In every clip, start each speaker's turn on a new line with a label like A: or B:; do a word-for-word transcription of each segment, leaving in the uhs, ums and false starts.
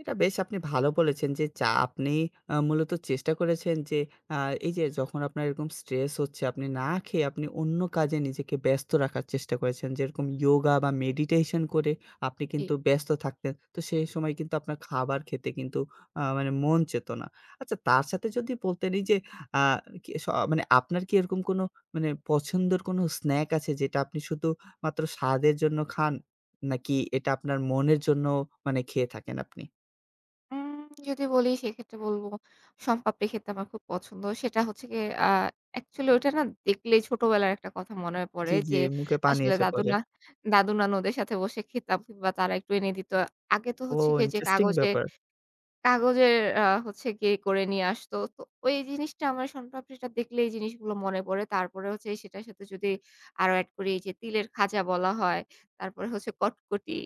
A: এটা বেশ আপনি ভালো বলেছেন যে, যা আপনি আ মূলত চেষ্টা করেছেন যে আ এই যে যখন আপনার এরকম স্ট্রেস হচ্ছে আপনি না খেয়ে আপনি অন্য কাজে নিজেকে ব্যস্ত রাখার চেষ্টা করেছেন, যেরকম ইওগা বা মেডিটেশন করে আপনি
B: জ্বী।
A: কিন্তু ব্যস্ত থাকতেন। তো সেই সময় কিন্তু আপনার খাবার খেতে কিন্তু আ মানে মন চেতনা আচ্ছা তার সাথে যদি বলতেন এই যে আ কি স মানে আপনার কি এরকম কোনো মানে পছন্দের কোনো স্ন্যাক আছে যেটা আপনি শুধু মাত্র স্বাদের জন্য খান? নাকি এটা আপনার মনের জন্য মানে খেয়ে থাকেন আপনি?
B: হুম। যদি বলি সেক্ষেত্রে বলব শম পাপড়ি খেতে আমার খুব পছন্দ। সেটা হচ্ছে গিয়ে আ অ্যাকচুয়ালি ওটা না দেখলেই ছোটবেলার একটা কথা
A: এ্যা
B: মনে পড়ে
A: জ্বি,
B: যে
A: জ্বি, মুখে পানি
B: আসলে
A: এসে
B: দাদু
A: পড়ে।
B: না দাদু নানুদের সাথে বসে খেতাম বা তারা একটু এনে দিত আগে তো
A: ও
B: হচ্ছে গিয়ে যে
A: ইন্টারেস্টিং
B: কাগজে
A: ব্যাপার।
B: কাগজের আ হচ্ছে গিয়ে করে নিয়ে আসত। তো ওই জিনিসটা আমার শন পাপড়ি টা দেখলেই এই জিনিসগুলো মনে পড়ে। তারপরে হচ্ছে সেটার সাথে যদি আরো এড করি এই যে তিলের খাজা বলা হয়। তারপরে হচ্ছে কটকটি।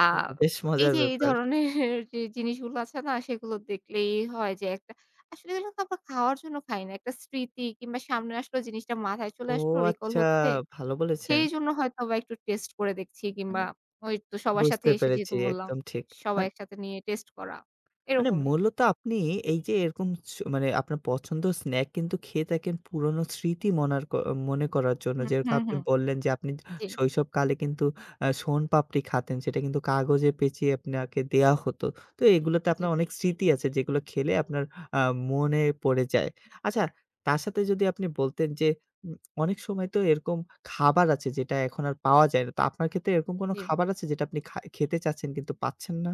B: আ
A: হুম, বেশ
B: এই
A: মজার
B: যে এই
A: ব্যাপার।
B: ধরনের যে জিনিসগুলো আছে না সেগুলো দেখলেই হয় যে একটা আসলে এগুলোতো আমরা খাওয়ার জন্য খাই না। একটা স্মৃতি কিংবা সামনে আসলে জিনিসটা মাথায় চলে
A: ও
B: আসলো রিকল
A: আচ্ছা
B: হচ্ছে।
A: ভালো বলেছেন।
B: সেইজন্য হয়তো বা একটু টেস্ট করে দেখছি কিংবা
A: [unintelligible]
B: ওইতো সবার সাথে
A: বুঝতে
B: এসে
A: পেরেছি
B: যেহেতু বললাম
A: একদম ঠিক
B: সবাই
A: মান
B: একসাথে নিয়ে টেস্ট করা।
A: মানে
B: এরকমই।
A: মূলত আপনি এই যে এরকম ছু মানে আপনার পছন্দ স্নাকস খেয়ে থাকেন পুরনো স্মৃতি মনারক মনে করার জন্য।
B: হু, হু,
A: যেরকম
B: হু,
A: আপনি বললেন যে আপনি
B: জ্বী।
A: শৈশবকালে কিন্তু আ শোন পাপড়ি খাতেন সেটা কিন্তু কাগজে পেচিয়ে আপনাকে দেয়া হত। তো এগুলোতে
B: জ্বী।
A: আপনার অনেক স্মৃতি আছে যেগুলো খেলে আপনার আ মনে পড়ে যায়। আচ্ছা? তার সাথে যদি আপনি বলতেন যে, উম অনেক সময় তো এরকম খাবার আছে যেটা এখন আর পাওয়া যায় না। তো আপনার ক্ষেত্রে এরকম কোন
B: জ্বী।
A: খাবার আছে যেটা আপনি খা খেতে চাচ্ছেন কিন্তু পাচ্ছেন না?